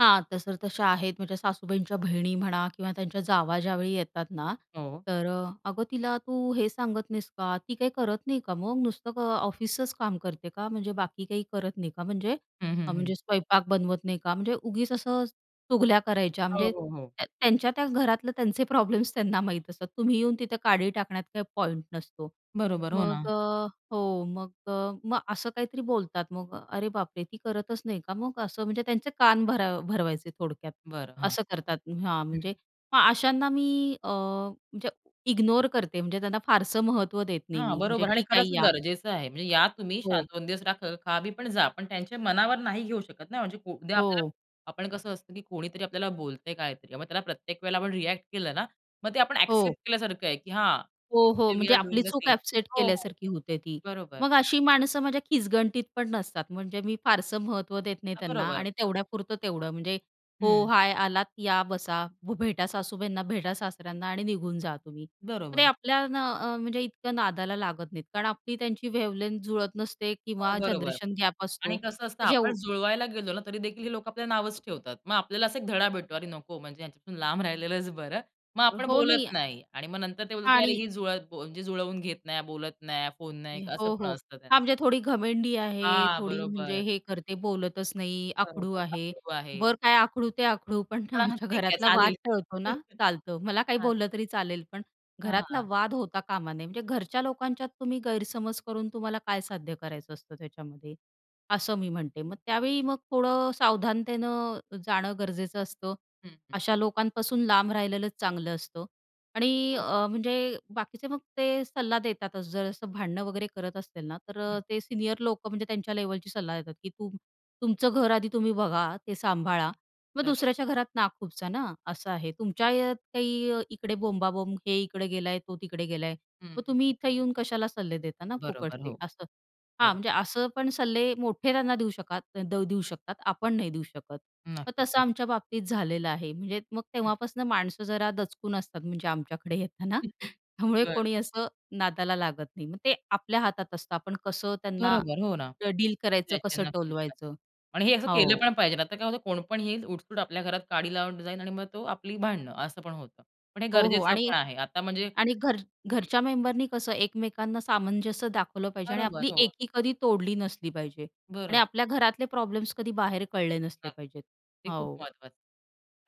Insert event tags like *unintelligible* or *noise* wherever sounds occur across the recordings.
हां, तशर तशा आहेत, म्हणजे सासूबाईंच्या बहिणी म्हणा किंवा हं. त्यांच्या जावा ज्यावेळी येतात ना हो. तर अ, "अगं, तिला तू हे सांगत नाहीस का? ती काही करत नाही का मग नुसतं क ऑफिसचं काम करते का? म्हणजे बाकी काही करत नाही का, म्हणजे हं, हं, हा हं. म्हणजे स्वयंपाक बनवत नाही का? म्हणजे उगीच असं अ, चुगल्या करायच्या, हो, म्हणजे हो, हो. त्या त्यांच्या त्या घरातलं त्यांचे प्रॉब्लेम्स त्यांना माहीत असतं, तुम्ही येऊन तिथं काडी टाकण्यात काही पॉइंट नसतो. बरोबर, हो मग ना. अ, हो मग अ मग असं काहीतरी बोलतात मग अरे, बापरे! ती करतच नाही का मग असं म्हणजे त्यांचे कान भर भरवायचे थोडक्यात, बरं, हां, असं करतात हां, हं. म्हणजे मग अशांना मी अ, म्हणजे इग्नोर करते, म्हणजे त्यांना फारसं महत्त्व देत नाही हां, मी, म्हणजे बरोबर आणि ठीक खरंच आहे या. गरजेचं आहे ते म्हणजे या तुम्ही शांत हो. 2 दिवस रहा, खा बी पण जा पण त्यांच्या मनावर नाही घेऊ शकत ना. म्हणजे पो उद्या आपल्याला हो. आपण कसं असतं, की कोणीतरी आपल्याला बोलतंय काहीतरी मग त्याला प्रत्येक वेळेला आपण रिएक्ट केलं ना, मग ते आपण हो. एक्सेप्ट केल्यासारखं आहे की हां. हो, हो, वी म्हणजे आर आपली डुइंग द चूक सेम थिंग. एक्सेप्ट हो, हो, केल्यासारखी होते ती. बरोबर. मग अशी माणसं माझ्या खिजगणतीत पण नसतात, म्हणजे मी फारसं महत्त्व देत नाही हां, त्यांना बरोबर. आणि तेवढ्यापुरतं तेवढं म्हणजे हो, हं. हाय, आलात या, बसा, भ भेटा सासूबाईंना, भेटा सासऱ्यांना आणि निघून जा तुम्ही. ते बरोबर. आपल्या ना, अ, म्हणजे इतक्या नादाला लागत नाहीत, कारण आपली त्यांची वेव्हलेन्थ जुळत नसते हो, किंवा बरोबर जनरेशन गॅप असतो आणि कसं असतं, मग आपण जेव जुळवायला गेलो ना, तरीदेखील हे लोकं आपल्या नावंच ठेवतात. मग आपल्याला असा एक धडा भेटतो, अरे, नको, म्हणजे ह्यांच्यापासून लांब राहिलेलंच बरं. मग आपण हो, नाही बोलत नाही आणि मग नंतर ते बोलत, की अरे, आणि ही जुळतं म्हणजे जुळवून घेत नाही, बोलत नाही, फोन नाही, असं हो, पण हो, असतं त्यांचं. हां, म्हणजे थोडी घमेंडी आहे, हां, थोडी म्हणजे बरोबर. हे करते, बोलतच नाही, आकडू बरोबर, आहे, अकडू आहे. बर काय आकडू ते आकडू, पण पण *unintelligible* आमच्या ठीक आहे घरातला वाद चालेल टळतो ना, *chuckles* चालतं. मला काही हां. बोललं तरी चालेल, पण घरातला हां. वाद होता कामा नये, म्हणजे घरच्या लोकांच्यात तुम्ही गैरसमज करून तुम्हाला काय साध्य करायचं असतं त्याच्यामध्ये? असं मी म्हणते मग त्यावेळी मग थोडं सावधानतेनं जाणं गरजेचं असतं. हं, हं. अशा लोकांपासून लांब राहिलेलंच चांगलं असतं आणि हो. अ, म्हणजे बाकीचे मग ते सल्ला देतातच. जर असं भांडणं वगैरे करत असतील ना तर अ, हं. ते सीनियर लोकं, म्हणजे त्यांच्या लेव्हलची सल्ला देतात, की तुम तुमचं घर आधी तुम्ही बघा, ते सांभाळा मग बरोब दुसऱ्याच्या घरात नाक खुपसा ना, नक्क असं आहे. तुमच्या अ, काही इकडे बोंबा-बोंब, हे इकडे गेलाय, तो तिकडे गेलाय. मग हं. तुम्ही इथे येऊन कशाला सल्ले देताना बरोबर, फुकटचे हो. असं. हां, बरोबर. म्हणजे असं पण सल्ले मोठे त्यांना देऊ शकात देऊ शकतात, आपण नाही देऊ शकत. मग नक्कीच, तसं नक्की. आमच्या बाबतीत झालेलं आहे, म्हणजे मग हं. तेव्हापासून माणसं जरा दचकून असतात, म्हणजे आमच्याकडे येताना. *chuckles* त्यामुळे बरं. कोणी असं नादाला लागत नाही मग ते आपल्या हातात असतं, आपण कसं त्यांना बरोबर, हो, ना, अ, डील करायचं, त्याचे कसं नक्कीच, टोलवायचं नक्कीच आणि हे असं केलं हो. पण पाहिजे नाही तर काय होतं, कोण पण येईल उठसूट आपल्या घरात काडी लावून जाईल आणि मग तो आपली भांडणं, असं पण होतं. पण हे हो, हो, गरजेचं आणि पण आहे, आता म्हणजे आणि घर हं. घरच्या मेंबरनी कसं एकमेकांना सामंजस्य दाखवलं पाहिजे आणि बरोबर, आपली हो. एकी कधी तोडली नसली पाहिजे आणि बरोबर. आपल्या घरातले प्रॉब्लेम्स कधी बाहेर कळले नसले नक्क पाहिजेत. ते खूप हो. महत्त्वाचं आहे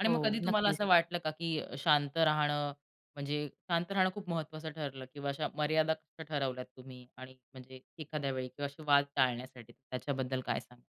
आणि मग हो, कधी तुम्हाला नक्कीच. असं वाटलं का, की अ, शांत राहणं म्हणजे शांत राहणं खूप महत्त्वाचं ठरलं किंवा अशा मर्यादा कशा ठरवल्यात तुम्ही, आणि म्हणजे एखाद्या वेळी किंवा असे वाद टाळण्यासाठी त्याच्याबद्दल काय सांगाल?